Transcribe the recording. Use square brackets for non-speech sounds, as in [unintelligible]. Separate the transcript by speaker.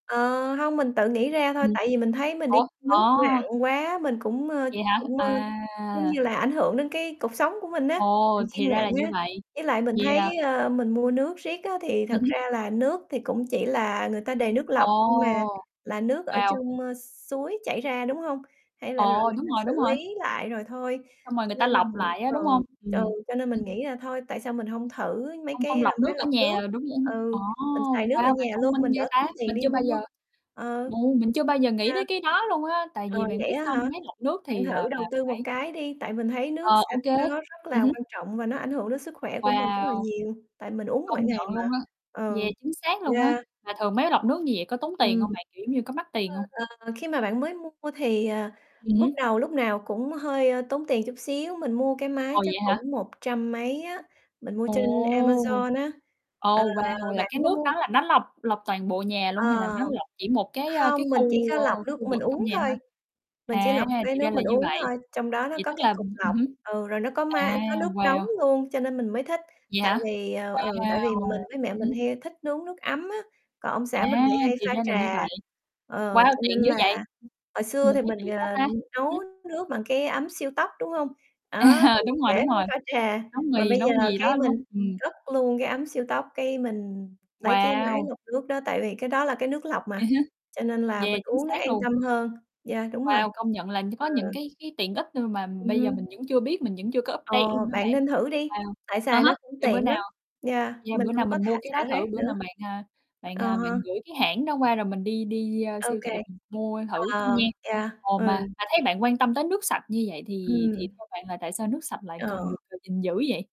Speaker 1: Ờ, hông, mình tự nghĩ ra thôi,
Speaker 2: Ừm.
Speaker 1: tại vì mình thấy mình đi
Speaker 2: Ủa?
Speaker 1: nước
Speaker 2: À.
Speaker 1: nặng quá, mình cũng, ờ,
Speaker 2: Vậy hả?
Speaker 1: cũng, ờ,
Speaker 2: À.
Speaker 1: giống như là, ảnh hưởng đến cái cột sống của mình á,
Speaker 2: Ồ,
Speaker 1: mình
Speaker 2: thì
Speaker 1: khiêng
Speaker 2: ra
Speaker 1: nặng
Speaker 2: là như
Speaker 1: á.
Speaker 2: vậy.
Speaker 1: Với lại mình thấy,
Speaker 2: Yeah.
Speaker 1: ờ, mình mua nước riết á thì
Speaker 2: Ừm
Speaker 1: thật
Speaker 2: hứm.
Speaker 1: ra là nước thì cũng chỉ là người ta đề nước
Speaker 2: Ồ!
Speaker 1: lọc, nhưng mà là nước ở
Speaker 2: Wow.
Speaker 1: trong, ơ, s suối chảy ra, đúng hông? Hay là rồi
Speaker 2: Ồ,
Speaker 1: người
Speaker 2: đúng
Speaker 1: ta
Speaker 2: rồi,
Speaker 1: xử
Speaker 2: đúng rồi.
Speaker 1: lý lại rồi thôi.
Speaker 2: Xong rồi
Speaker 1: Cho
Speaker 2: người ta
Speaker 1: nên là
Speaker 2: lọc
Speaker 1: mình
Speaker 2: lại á,
Speaker 1: ừ,
Speaker 2: đúng hông?
Speaker 1: ch ừ,
Speaker 2: Ừm,
Speaker 1: cho nên mình
Speaker 2: [unintelligible]
Speaker 1: nghĩ là thôi, tại sao mình hông thử mấy
Speaker 2: Không không
Speaker 1: cái, a,
Speaker 2: lọc nước
Speaker 1: máy
Speaker 2: ở
Speaker 1: lọc
Speaker 2: nhà
Speaker 1: nước?
Speaker 2: rồi đúng [unintelligible] ồ,
Speaker 1: Ừ, mình xài nước ở
Speaker 2: wow, bạn
Speaker 1: nhà
Speaker 2: thông
Speaker 1: luôn,
Speaker 2: minh
Speaker 1: mình
Speaker 2: ghê
Speaker 1: đỡ
Speaker 2: ta.
Speaker 1: tốn tiền
Speaker 2: Mình
Speaker 1: đi
Speaker 2: chưa bao
Speaker 1: mua,
Speaker 2: giờ
Speaker 1: ờ.
Speaker 2: ô, mình chưa bao giờ nghĩ tới
Speaker 1: [unintelligible]
Speaker 2: cái đó luôn á, tại
Speaker 1: Ờ,
Speaker 2: vì bạn
Speaker 1: vậy
Speaker 2: biết
Speaker 1: á
Speaker 2: sao
Speaker 1: hả?
Speaker 2: hông? Máy lọc nước
Speaker 1: Bạn
Speaker 2: thì là
Speaker 1: thử đầu
Speaker 2: là
Speaker 1: tư một
Speaker 2: phải
Speaker 1: cái đi, tại mình thấy
Speaker 2: Ờ,
Speaker 1: nước
Speaker 2: ô
Speaker 1: sạch
Speaker 2: kê,
Speaker 1: nó nó rất
Speaker 2: ừm
Speaker 1: là
Speaker 2: hứm.
Speaker 1: quan trọng và nó ảnh hưởng đến sức khỏe của mình rất là
Speaker 2: Wow.
Speaker 1: nhiều, tại mình uống mỗi
Speaker 2: Công
Speaker 1: ngày
Speaker 2: nhận
Speaker 1: mà,
Speaker 2: luôn á,
Speaker 1: ừ.
Speaker 2: yeah, chính xác luôn á.
Speaker 1: Yeah.
Speaker 2: Mà thường máy lọc nước như vậy có tốn tiền
Speaker 1: Ừm.
Speaker 2: hông bạn? Kiểu, giống như, có mắc tiền
Speaker 1: Ơ,
Speaker 2: hông?
Speaker 1: ờ khi mà bạn mới mua thì, ờ,
Speaker 2: Ừm
Speaker 1: bước
Speaker 2: hứm.
Speaker 1: đầu lúc nào cũng hơi, ơ, tốn tiền chút xíu, mình mua cái máy
Speaker 2: Ồ,
Speaker 1: chắc
Speaker 2: vậy hả?
Speaker 1: cũng một trăm mấy á, mình mua
Speaker 2: Ồ,
Speaker 1: trên Amazon á. Ờ,
Speaker 2: ồ, wow, là
Speaker 1: bạn
Speaker 2: cái
Speaker 1: có
Speaker 2: nước đó
Speaker 1: mua
Speaker 2: là nó lọc lọc toàn bộ nhà luôn, hay là
Speaker 1: Ờ.
Speaker 2: nó lọc chỉ một cái, a, cái
Speaker 1: Hông, mình chỉ
Speaker 2: khu,
Speaker 1: có
Speaker 2: ơ,
Speaker 1: lọc nước
Speaker 2: khu
Speaker 1: mình
Speaker 2: vực trong
Speaker 1: uống
Speaker 2: nhà thôi?
Speaker 1: thôi, mình chỉ
Speaker 2: À,
Speaker 1: lọc cái
Speaker 2: thì ra
Speaker 1: nước
Speaker 2: là
Speaker 1: mình
Speaker 2: như
Speaker 1: uống
Speaker 2: vậy.
Speaker 1: thôi, trong đó nó
Speaker 2: Vậy
Speaker 1: có
Speaker 2: tức
Speaker 1: cái
Speaker 2: là
Speaker 1: cục
Speaker 2: ừm, ừm
Speaker 1: lọc,
Speaker 2: hứm.
Speaker 1: ừ, rồi nó có
Speaker 2: À,
Speaker 1: ma có nước nóng
Speaker 2: wow.
Speaker 1: luôn, cho nên mình mới thích.
Speaker 2: Vậy
Speaker 1: Tại
Speaker 2: hả?
Speaker 1: vì, ờ, ừ, tại vì
Speaker 2: Wow.
Speaker 1: mình với
Speaker 2: Ừm
Speaker 1: mẹ mình
Speaker 2: hứm.
Speaker 1: hay thích nướng nước ấm á, còn ông
Speaker 2: À,
Speaker 1: xã mình thì hay
Speaker 2: thì
Speaker 1: pha
Speaker 2: ra là như
Speaker 1: trà,
Speaker 2: vậy.
Speaker 1: ờ,
Speaker 2: Wow,
Speaker 1: cho nên
Speaker 2: tiện dữ vậy,
Speaker 1: là hồi xưa
Speaker 2: mình
Speaker 1: thì
Speaker 2: thấy
Speaker 1: mình,
Speaker 2: tiện quá
Speaker 1: à,
Speaker 2: ta. Ừm
Speaker 1: nấu
Speaker 2: hứm.
Speaker 1: nước bằng cái ấm siêu tốc, đúng hông? Đó,
Speaker 2: À,
Speaker 1: thì
Speaker 2: đúng rồi,
Speaker 1: để
Speaker 2: đúng rồi,
Speaker 1: pha pha trà,
Speaker 2: nấu
Speaker 1: mà
Speaker 2: mì,
Speaker 1: bây giờ
Speaker 2: nấu gì
Speaker 1: cái
Speaker 2: đó
Speaker 1: mình
Speaker 2: [unintelligible] ừm.
Speaker 1: cất luôn cái ấm siêu tốc, cái mình lấy cái máy
Speaker 2: Wow!
Speaker 1: lọc nước đó, tại vì cái đó là cái nước lọc mà,
Speaker 2: Ừ hứ,
Speaker 1: cho nên là mình
Speaker 2: yeah, chính
Speaker 1: uống nó
Speaker 2: xác
Speaker 1: an
Speaker 2: luôn.
Speaker 1: tâm hơn. Yeah, đúng rồi.
Speaker 2: Wow, công nhận là nh có
Speaker 1: Ừ.
Speaker 2: những cái cái tiện ích, ơm, mà
Speaker 1: Ừm
Speaker 2: bây giờ
Speaker 1: hứm.
Speaker 2: mình vẫn chưa biết, mình vẫn chưa có
Speaker 1: Ờ,
Speaker 2: update luôn á
Speaker 1: bạn
Speaker 2: bạn.
Speaker 1: nên thử đi,
Speaker 2: Wow,
Speaker 1: tại
Speaker 2: à
Speaker 1: xài nó
Speaker 2: há,
Speaker 1: cũng
Speaker 2: để bữa
Speaker 1: tiện
Speaker 2: nào
Speaker 1: lắm, yeah,
Speaker 2: yeah,
Speaker 1: mình
Speaker 2: bữa nào
Speaker 1: hông có
Speaker 2: mình mua
Speaker 1: thả
Speaker 2: cái đó
Speaker 1: xả
Speaker 2: thử.
Speaker 1: rác
Speaker 2: Bữa
Speaker 1: nữa.
Speaker 2: nào bạn, à, bạn,
Speaker 1: À
Speaker 2: à, bạn
Speaker 1: ha.
Speaker 2: gửi cái hãng đó qua, rồi mình đi đi, ơ,
Speaker 1: Ô
Speaker 2: siêu
Speaker 1: kê,
Speaker 2: thị mình mua thử nha?
Speaker 1: ờ, yeah,
Speaker 2: Ồ,
Speaker 1: ừ.
Speaker 2: mà mà thấy bạn quan tâm tới nước sạch như vậy, thì thì
Speaker 1: Ừm.
Speaker 2: theo bạn là tại sao nước sạch lại cần
Speaker 1: Ờ.
Speaker 2: được [unintelligible] gìn giữ vậy?